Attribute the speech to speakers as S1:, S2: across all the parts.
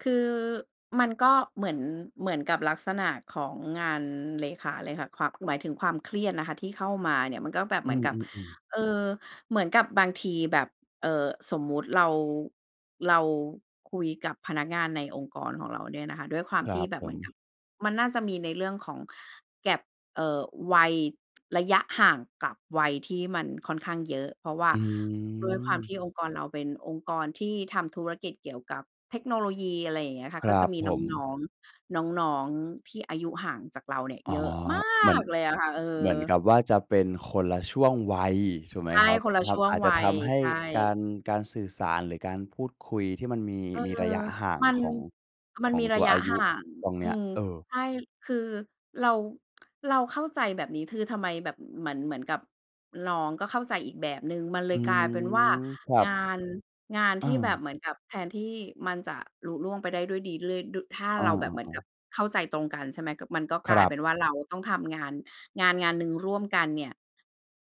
S1: คือ มันก็เหมือน เหมือนกับลักษณะของงานเลขาเลยค่ะ ความ หมายถึงความเครียดนะคะ ที่เข้ามาเนี่ย มันก็แบบ
S2: อ
S1: เ
S2: ื
S1: หมือนกับ
S2: อ ๆ ๆ
S1: เออ เหมือนกับบางทีแบบ เอ่อ สมมุติเรา เราคุยกับพนักงานในองค์กรของเราเนี่ยนะคะ ด้วยควา
S2: ค
S1: ม
S2: ร
S1: ท
S2: ั
S1: ี่
S2: บ
S1: แบ
S2: ผ
S1: บเหมือน
S2: ม
S1: กับ มันน่าจะมีในเรื่องของ gap เอ่อ วัย ระยะห่าง กับวัยที่มันค่อนข้างเยอะ เพราะว่า
S2: อื
S1: ด้วยความ
S2: ม
S1: ที่องค์กรเรา เป็นองค์กรที่ทำธุรกิจเกี่ยวกับเทคโนโลยี อะไรอย่างเงี้ยค่
S2: ค
S1: ะ
S2: ร
S1: ก็
S2: ั
S1: จะ
S2: บ
S1: มี
S2: ผ
S1: น
S2: ม
S1: ้อง ๆ น้อง ๆ ที่อายุห่างจากเราเนี่ย
S2: อ
S1: เ
S2: ๋
S1: ย
S2: อ
S1: อะมา
S2: เหมือน
S1: กเลยอะค่ะ เอ
S2: เหม
S1: อ
S2: ือนกับว่าจะเป็นคนละช่วงวัย ถูกไหม
S1: ใช่
S2: ครับ?
S1: คนละ
S2: คร
S1: ช
S2: ับ
S1: ่ว
S2: อ
S1: ง
S2: าจจ
S1: ว
S2: ะ
S1: ั
S2: ท
S1: ย
S2: ำให้
S1: ใช่
S2: การ การสื่อสาร หรือการพูดคุยที่มันมี
S1: เออ
S2: มีระยะห่าง
S1: มัน
S2: ของ
S1: มั
S2: ข
S1: น
S2: อง
S1: มี
S2: ต
S1: ร
S2: ั
S1: ะ
S2: ว
S1: ย
S2: อ
S1: ะ
S2: าย
S1: ห
S2: ุ
S1: ่าง
S2: ตรงเน
S1: อ
S2: ี้
S1: ื
S2: ย
S1: ม
S2: เออ
S1: ใช่ คือเรา เราเข้าใจแบบนี้ คือทำไมแบบเหมือน เหมือนกับ น้องก็เข้าใจอีกแบบหนึ่ง มันเ
S2: อ
S1: ล
S2: ื
S1: ยกลายเป็นว่า
S2: ม ครั
S1: ง
S2: บ
S1: าน งาน
S2: อ
S1: ที่แบบ
S2: า
S1: เหมือนแบบ แทนที่มันจะลุล่วงไปได้ด้วยดี เลยดู ถ้า
S2: อา
S1: เราแบบเหมือน
S2: ๆ
S1: ก
S2: ๆ
S1: ับเข้าใจตรงกัน ใช่ไหม ก็ มันก็
S2: ค
S1: กล
S2: ร
S1: าย
S2: ั
S1: เป
S2: บ
S1: ็นว่า เราต้องทำงาน งาน ๆ หนึ่งร่วมกันเนี่ย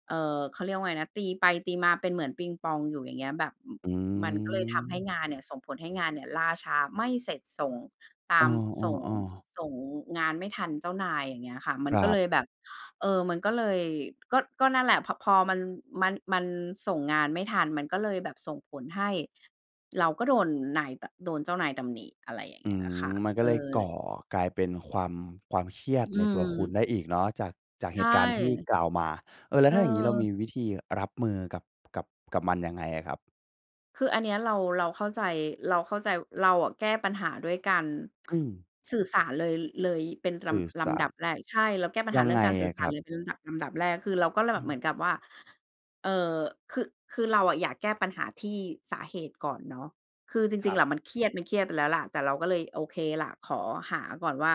S1: เอ่อ เขาเรียกว่าไงนะ ตีไปตีมาเป็นเหมือนปิงปองอยู่ อย่างเงี้ย แบบ อ
S2: อื
S1: มันก็เลยทำให้
S2: ม
S1: งานเนี่ย ส่งผลให้งานเนี่ย ล่าช้าไม่เสร็จ ส่ง ต
S2: เอ
S1: ามส่ง
S2: อ ๆ ๆ
S1: ส่งงานไม่ทันเจ้านาย อย่างเงี้ยค่ะ มั
S2: ค
S1: น
S2: ร
S1: ก็
S2: ั
S1: เลยแบ
S2: บ
S1: บ เออ มันก็เลย ก็ ก็นั่นแหละ พ พอมัน มัน มันส่งงานไม่ทัน มันก็เลยแบบ ส่งผลให้เราก็โดนนายแบบ โดนเจ้านายตำหนิ อะไรอย่าง
S2: อื
S1: เงี้ย
S2: ม
S1: ค่ะ
S2: มันก็
S1: เอ
S2: เลยก่
S1: อ
S2: อกลายเป็นความ ความเครียด
S1: อื
S2: ในตัวคุณ
S1: ม
S2: ได้อีกเนาะ จาก จาก
S1: ใช
S2: เหต
S1: ่
S2: ุการณ์ที่กล่าวมา เออ แล้
S1: เอ
S2: วถ้าอย่างงี้ เราม
S1: อ
S2: ีวิธีรับมือกับ กับ กับมันยังไงอะครับ?
S1: คืออันเนี้ยเรา เราเข้าใจ เราเข้าใจ เราอะแก้ปัญหาด้วยการ
S2: อืม
S1: สื่อสารเลย เลยเป็น
S2: ส
S1: ร
S2: ื่อ
S1: ำ ล
S2: สา
S1: ำด
S2: ร
S1: ับแรก ใช่ เราแก้ปัญ
S2: ย
S1: หา
S2: ัง
S1: เรื่
S2: ไ
S1: อ
S2: ง
S1: งการสื
S2: อ
S1: ่อ
S2: ะ
S1: ส
S2: ค
S1: า
S2: ร
S1: ร
S2: ับ?
S1: เลย เป็นลำดับ ลำดับแรก คือเราก็เลย
S2: อ
S1: แบ
S2: ื
S1: บเ
S2: ม
S1: หมือนกับว่า เอ่อ คือ คือเราอะ อยากแก้ปัญหาที่สาเหตุก่อนเนาะ คือจ
S2: ค
S1: ร
S2: ร
S1: ิ
S2: ั
S1: ง ๆ
S2: บ
S1: อะมันเครียด มันเครียดไปแล้วล่ะ แต่เราก็เลยโอเคล่ะ ขอหาก่อนว่า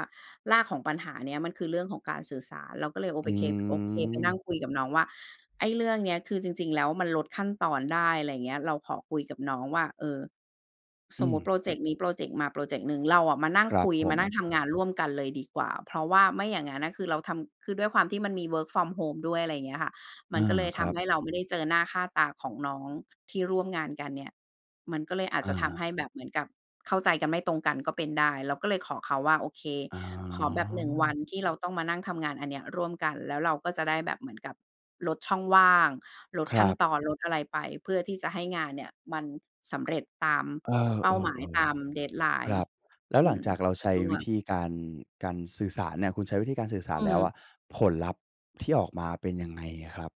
S1: รากของปัญหาเนี้ย มันคือเรื่องของการสื่อสาร เราก็เลยโอ
S2: อ
S1: ไปเค โอเค ไปนั่
S2: ืม
S1: งคุยกับน้องว่า ไอ้เรื่องเนี้ย คือจริง ๆ แล้ว มันลดขั้นตอนได้ ไรเงี้ย เราขอคุยกับน้องว่า เออ
S2: อื
S1: สมมุติ
S2: ม
S1: พรอเจกต์นี้ พรอเจกต์มา พรอเจกต์หนึ่ง เราอะมานั่
S2: ค
S1: ง
S2: รั
S1: ค
S2: บ
S1: ุย
S2: ผ
S1: มานั
S2: ม
S1: ่งทำงานร่วมกันเลยดีกว่า เพราะว่าไม่อย่างงั้นน่ะ คือเราทำ คือด้วยความที่มันมี work from home ด้วย อะไรอย่างเงี้ยค่ะ ม
S2: อ
S1: ั
S2: า
S1: นก็เลย
S2: ค
S1: ท
S2: รั
S1: ำใ
S2: บ
S1: ห้เรา ไม่ได้เจอหน้าค่าตาของน้อง ที่ร่วมงานกันเนี่ย มันก็เลยอาจ
S2: อ
S1: จะท
S2: า
S1: ำให้แบบเหมือนกับเข้าใจกัน ไม่ตรงกันก็เป็นได้ เราก็เลยขอเขาว่า โอเค
S2: อ๋
S1: ขอแบบ 1 วั
S2: อ
S1: น ที่เราต้องมานั่งทำงานอันเนี้ยร่วมกัน แล้วเราก็จะได้แบบเหมือนกับลดช่องว่าง ลด
S2: คร
S1: ขั้
S2: ั
S1: น
S2: บ
S1: ตอน ลดอะไรไป เพื่อที่จะให้งานเนี่ย มันสำเร็จตาม
S2: เอ
S1: เป้าหมายต
S2: อ
S1: าม
S2: ๆ ๆ คร
S1: deadline
S2: ับ แล้ว
S1: อื
S2: หลัง
S1: ม
S2: จากเราใช้
S1: ร่
S2: ว
S1: ว
S2: ิ
S1: ม
S2: ธีการ การสื่อสารเนี่ย คุณใช้วิธีการสื่อส
S1: อ
S2: า
S1: ื
S2: รแล้วอ
S1: ม
S2: ะ ผลลัพธ์ที่ออกมาเป็นยังไงอะครับ?